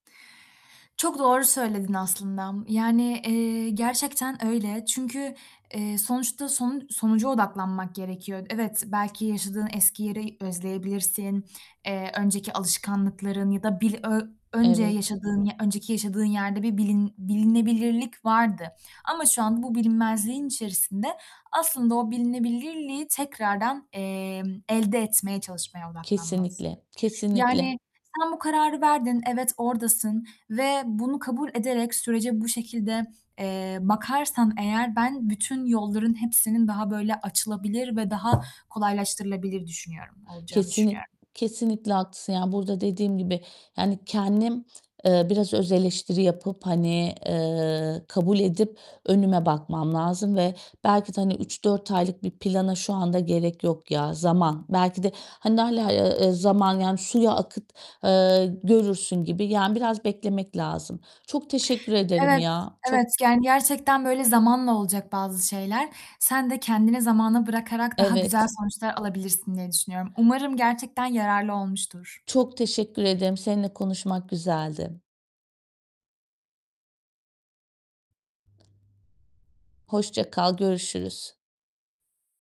Çok doğru söyledin aslında, yani, eee, gerçekten öyle. Çünkü, eee, sonuçta sonu sonuca odaklanmak gerekiyor. Evet, belki yaşadığın eski yeri özleyebilirsin, eee, önceki alışkanlıkların ya da bil ö önce Evet. yaşadığın ya önceki yaşadığın yerde bir bilin bilinebilirlik vardı ama şu an bu bilinmezliğin içerisinde, aslında o bilinebilirliği tekrardan, emm, elde etmeye çalışmaya odaklanmalısın. Kesinlikle, kesinlikle. Yani, sen bu kararı verdin, evet oradasın ve bunu kabul ederek sürece bu şekilde, eee, bakarsan eğer ben bütün yolların hepsinin daha böyle açılabilir ve daha kolaylaştırılabilir düşünüyorum olacağını Kesinlik düşünüyorum. kesinlikle haklısın, yani, burada dediğim gibi, yani kendim, eee, biraz öz eleştiri yapıp, hani, eee, kabul edip önüme bakmam lazım ve belki de hani 3-4 aylık bir plana şu anda gerek yok ya. Zaman. Belki de, hani hâlâ, eee, zaman, yani, suya akıt, eee, görürsün gibi, yani, biraz beklemek lazım. Çok teşekkür ederim Evet, ya. evet, Çok yani, gerçekten, böyle, zamanla olacak bazı şeyler. Sen de kendini zamana bırakarak daha güzel Evet. sonuçlar alabilirsin diye düşünüyorum. Umarım gerçekten yararlı olmuştur. Çok teşekkür ederim. Seninle konuşmak güzeldi. Hoşça kal, görüşürüz.